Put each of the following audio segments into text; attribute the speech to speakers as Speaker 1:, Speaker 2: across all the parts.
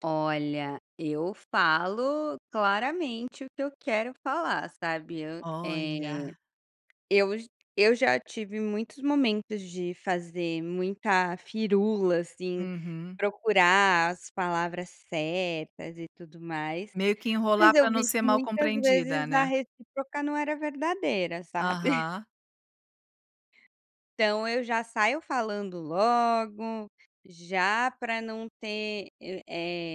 Speaker 1: Olha, eu falo claramente o que eu quero falar, sabe. Hã, eh,
Speaker 2: Olha.
Speaker 1: eu j eu já tive muitos momentos de fazer muita firula assim,
Speaker 2: Uhum.
Speaker 1: procurar as palavras certas e tudo mais,
Speaker 2: Meio que enrolar
Speaker 1: mas
Speaker 2: pra
Speaker 1: eu
Speaker 2: não
Speaker 1: vi
Speaker 2: ser
Speaker 1: que
Speaker 2: mal
Speaker 1: muitas
Speaker 2: compreendida,
Speaker 1: vezes na
Speaker 2: né.
Speaker 1: recíproca não era verdadeira, sabe.
Speaker 2: Aham.
Speaker 1: Então eu já saio falando logo, já pra não ter, eh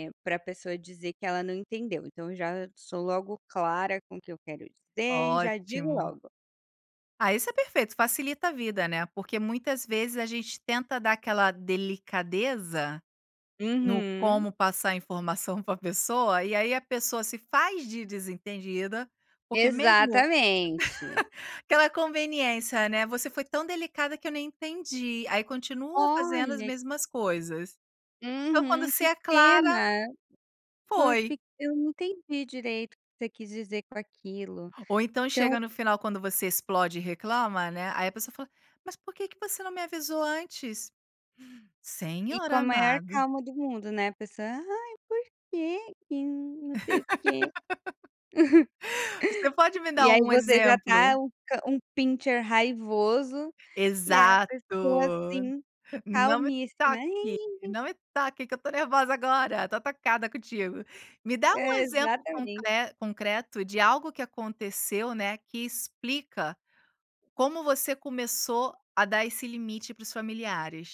Speaker 1: eh, pra pessoa dizer que ela não entendeu, então já sou logo clara com o que eu quero dizer e já digo
Speaker 2: Ótimo.
Speaker 1: logo.
Speaker 2: Ah isso é perfeito facilita a vida, né, porque muitas vezes a gente tenta dar aquela delicadeza, no
Speaker 1: Uhum.
Speaker 2: como passar a informação pra pessoa e aí a pessoa se faz de desentendida, porque mesmo
Speaker 1: Exatamente.
Speaker 2: aquela conveniência, né, "você foi tão delicada que eu nem entendi.", aí continua fazendo as
Speaker 1: Olha.
Speaker 2: mesmas coisas. Então quando
Speaker 1: Uhum.
Speaker 2: você
Speaker 1: Que
Speaker 2: é clara
Speaker 1: pena, foi eu
Speaker 2: foi.
Speaker 1: fique eu não entendi direito o que você quis dizer com aquilo,
Speaker 2: Ou então
Speaker 1: então
Speaker 2: chega no final quando você explode e reclama, né, aí a pessoa fala: "Mas por que que você não me avisou antes?"
Speaker 1: E
Speaker 2: Senhor
Speaker 1: com a maior
Speaker 2: amado.
Speaker 1: calma do mundo, né, a pessoa "Ai por que que não sei o quê".
Speaker 2: Você pode me dar
Speaker 1: E aí
Speaker 2: um
Speaker 1: você já
Speaker 2: exemplo?
Speaker 1: tá um cã um pinscher raivoso e aí a
Speaker 2: Exato,
Speaker 1: pessoa assim,
Speaker 2: "Não me
Speaker 1: calmíssima
Speaker 2: toque,
Speaker 1: "Nhém-nhém-nhém".
Speaker 2: não me toque que eu tô nervosa agora, tô atacada contigo". Me dá um
Speaker 1: É,
Speaker 2: exemplo
Speaker 1: exatamente.
Speaker 2: concre concreto de algo que aconteceu, né, que explica, como você começou a dar esse limite para os familiares.